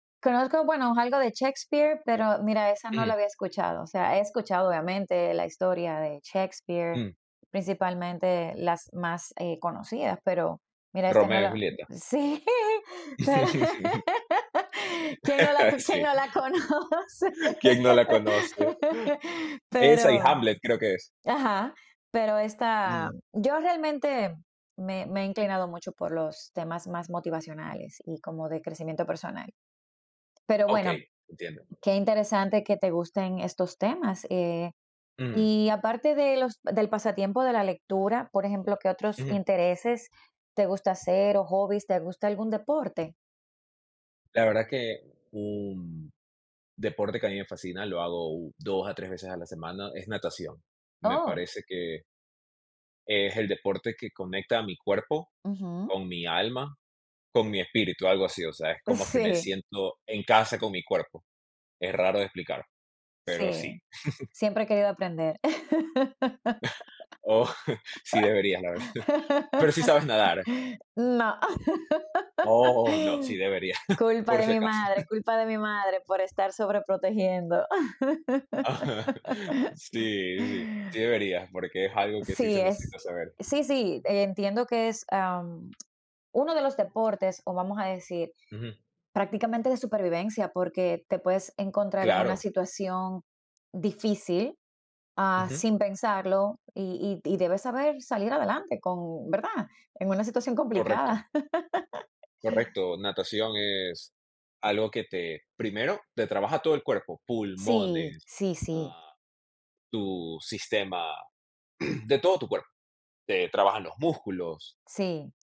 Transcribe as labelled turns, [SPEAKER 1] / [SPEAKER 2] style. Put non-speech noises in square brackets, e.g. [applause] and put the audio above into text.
[SPEAKER 1] Conozco, bueno, algo de Shakespeare, pero mira, esa no
[SPEAKER 2] Mm.
[SPEAKER 1] la había escuchado, o sea, he escuchado, obviamente, la historia de Shakespeare,
[SPEAKER 2] Mm.
[SPEAKER 1] principalmente las más, eh, conocidas, pero mira, esta no
[SPEAKER 2] Romeo y
[SPEAKER 1] la
[SPEAKER 2] Julieta.
[SPEAKER 1] he Sí, [chuckles] pero, quién no
[SPEAKER 2] [laughs]
[SPEAKER 1] quién
[SPEAKER 2] Sí.
[SPEAKER 1] no la conoce.
[SPEAKER 2] ¿Quién no la conoce?
[SPEAKER 1] [laughs]
[SPEAKER 2] Esa y
[SPEAKER 1] Pero
[SPEAKER 2] Hamlet creo que es.
[SPEAKER 1] Ajá. Pero esta
[SPEAKER 2] Ujú.
[SPEAKER 1] Yo realmente me me he inclinado mucho por los temas más motivacionales y como de crecimiento personal. Pero bueno,
[SPEAKER 2] Okey, entiendo.
[SPEAKER 1] qué interesante que te gusten estos temas, eh,
[SPEAKER 2] Ujú.
[SPEAKER 1] y aparte de los del pasatiempo de la lectura, por ejemplo, ¿qué otros
[SPEAKER 2] Ujú.
[SPEAKER 1] intereses te gusta hacer o hobbies? ¿Te gusta algún deporte?
[SPEAKER 2] La verdad que, un, deporte que a mí me fascina, lo hago u 2 a 3 veces a la semana, es natación, me
[SPEAKER 1] Oh,
[SPEAKER 2] parece que es el deporte que conecta a mi cuerpo,
[SPEAKER 1] Ujú.
[SPEAKER 2] con mi alma, con mi espíritu, algo así, o sea, es como que me
[SPEAKER 1] Sí.
[SPEAKER 2] siento en casa, con mi cuerpo. Es raro de explicar, pero sí.
[SPEAKER 1] Sí,
[SPEAKER 2] [chuckles]
[SPEAKER 1] siempre he querido aprender.
[SPEAKER 2] [chuckles] Oh, [chuckles] sí deberías, la verdad. Pero sí sabes nadar.
[SPEAKER 1] [laughs] No.
[SPEAKER 2] Oh, no, sí
[SPEAKER 1] [laughs]
[SPEAKER 2] deberías,
[SPEAKER 1] Culpa
[SPEAKER 2] por
[SPEAKER 1] de
[SPEAKER 2] si
[SPEAKER 1] mi
[SPEAKER 2] acaso.
[SPEAKER 1] madre,
[SPEAKER 2] [chuckles]
[SPEAKER 1] culpa de mi madre, por estar sobre protegiendo.
[SPEAKER 2] [chuckles]
[SPEAKER 1] [laughs]
[SPEAKER 2] Sí, sí. Sí deberías, porque es algo que sí
[SPEAKER 1] Sí,
[SPEAKER 2] se
[SPEAKER 1] es
[SPEAKER 2] necesita saber.
[SPEAKER 1] sí, sí, entiendo que es, ah, uno de los deportes, o vamos a decir,
[SPEAKER 2] Ujú.
[SPEAKER 1] prácticamente, de supervivencia, porque te puedes encontrar en una
[SPEAKER 2] Claro.
[SPEAKER 1] situación difícil, ah,
[SPEAKER 2] Ujú.
[SPEAKER 1] sin pensarlo, y y y debes saber salir adelante con ¿verdad?, en una situación
[SPEAKER 2] Correcto.
[SPEAKER 1] complicada. [laughs]
[SPEAKER 2] Correcto, natación es algo que te primero, te trabaja todo el cuerpo,
[SPEAKER 1] Sí.
[SPEAKER 2] pulmones,
[SPEAKER 1] Sí, sí.
[SPEAKER 2] ah, tu sistema, [clears throat] de todo tu cuerpo, te trabaja los músculos.
[SPEAKER 1] Sí,